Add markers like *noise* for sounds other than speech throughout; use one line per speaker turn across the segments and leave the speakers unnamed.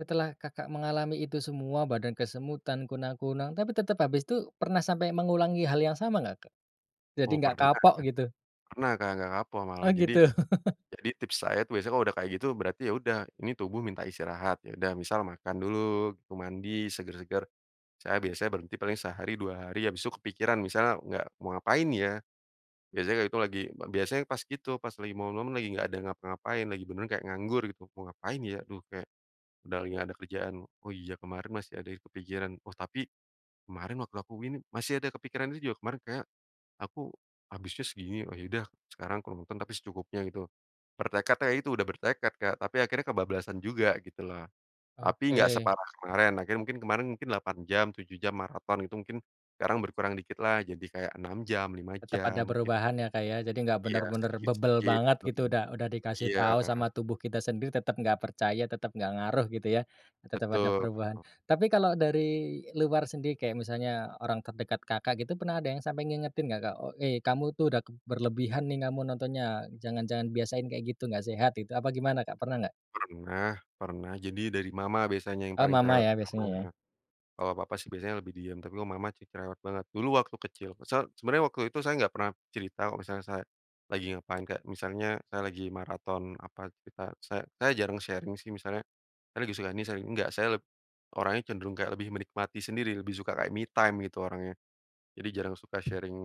Setelah Kakak mengalami itu semua, badan kesemutan, kunang-kunang tapi tetap habis itu pernah sampai mengulangi hal yang sama nggak Kak? Jadi
Oh,
nggak
pernah.
kapok gitu?
Pernah Kak, gak kapok
Oh,
malah. Jadi
gitu. *chuckles*
jadi tips saya tuh biasanya udah kayak gitu berarti ya udah ini tubuh minta istirahat, ya udah misal makan dulu, mandi, seger-seger, saya biasanya berhenti paling sehari, 2 hari, habis itu kepikiran misalnya gak mau ngapain ya, biasanya kayak gitu lagi b biasanya pas itu pas lagi momen-momen lagi gak ada ngapa-ngapain, lagi beneran kayak nganggur gitu mau ngapain ya, duh kayak udah lagi nggak ada kerjaan, oh, iya, kemarin masih ada yang kepikiran, oh, tapi kemarin waktu aku gini masih ada kepikiran itu juga kemarin kayak aku habisnya segini, oh, ya udah sekarang kalau nonton tapi secukupnya gitu, bertekad ya itu udah bertekad kayak tapi akhirnya kebablasan juga gitu loh. Tapi nggak
Oke.
separah kemarin, akhirnya mungkin kemarin mungkin 8 jam, 7 jam maraton itu mungkin sekarang berkurang dikit lah, jadi kayak 6 jam, 5
Tetep
jam
ada
git
perubahan ya, Kak, ya, jadi nggak
Iya,
bener-bener bebel
sedikit-sedikit,
banget gitu,
hmm.
udah udah dikasih
Iya.
tahu sama tubuh kita sendiri, tetep nggak percaya, tetep nggak ngaruh gitu ya, tetep ada
Betul.
perubahan. Tapi kalau dari luar sendiri kayak misalnya orang terdekat Kakak gitu, pernah ada yang sampai ngingetin gak Kak, o "Eh, kamu tuh udah k berlebihan nih kamu nontonnya. Jangan jangan biasain kayak gitu, gak sehat itu," apa gimana Kak, pernah gak?
Pernah pernah, jadi dari mama biasanya yang
Oh,
paling
mama
cerewet
ya, biasanya ya.
banget. Kalau papa sih biasanya lebih diem, tapi kalau mama ci cerewet banget, dulu waktu kecil se sebenarnya waktu itu saya nggak pernah cerita kalau misalnya saya lagi ngapain, kayak misalnya saya lagi maraton apa cerita saya saya jarang sharing sih, misalnya saya lagi suka ini sharing, enggak saya orangnya cenderung kayak lebih menikmati sendiri, lebih suka kayak me time gitu orangnya. Jadi jarang suka sharing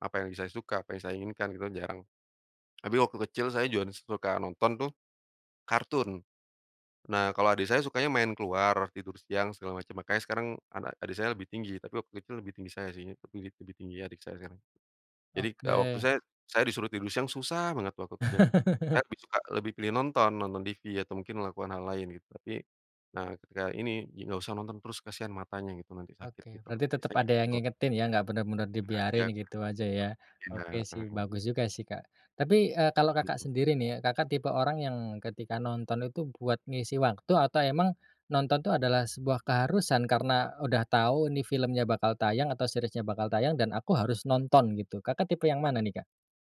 apa yang lagi saya suka, apa yang saya inginkan gitu kan jarang. Tapi waktu kecil saya juga suka nonton tuh kartun. Nah, kalo adik saya sukanya main keluar, tidur siang segala macam, makanya sekarang anak adik saya lebih tinggi, tapi waktu itu lebih tinggi saya sih, tapi di lebih tinggi adik saya sekarang. Jadi kalau waktu
Oke.
saya saya disuruh tidur siang susah banget waktu kecil. Saya
*chuckles*
lebih suka lebih pilih nonton, nonton TV atau mungkin melakukan hal lain gitu, tapi, nah, ketika ini gi nggak usah nonton terus kasihan matanya gitu nanti sakit
Oke,
gitu,
berarti tetep
biasanya kayak
ada yang
gitu.
ngingetin ya, enggak bener-bener
Sengaja.
dibiarin gitu aja ya.
Enak,
Oke sih
mhm.
bagus juga sih Kak. Tapi, eee, kalau Kakak
Mmm.
sendiri nih ya, Kakak tipe orang yang ketika nonton itu buat ngisi waktu atau emang nonton tuh adalah sebuah keharusan karena udah tahu ini filmnya bakal tayang atau seriesnya bakal tayang dan aku harus nonton gitu, Kakak tipe yang mana nih Kak?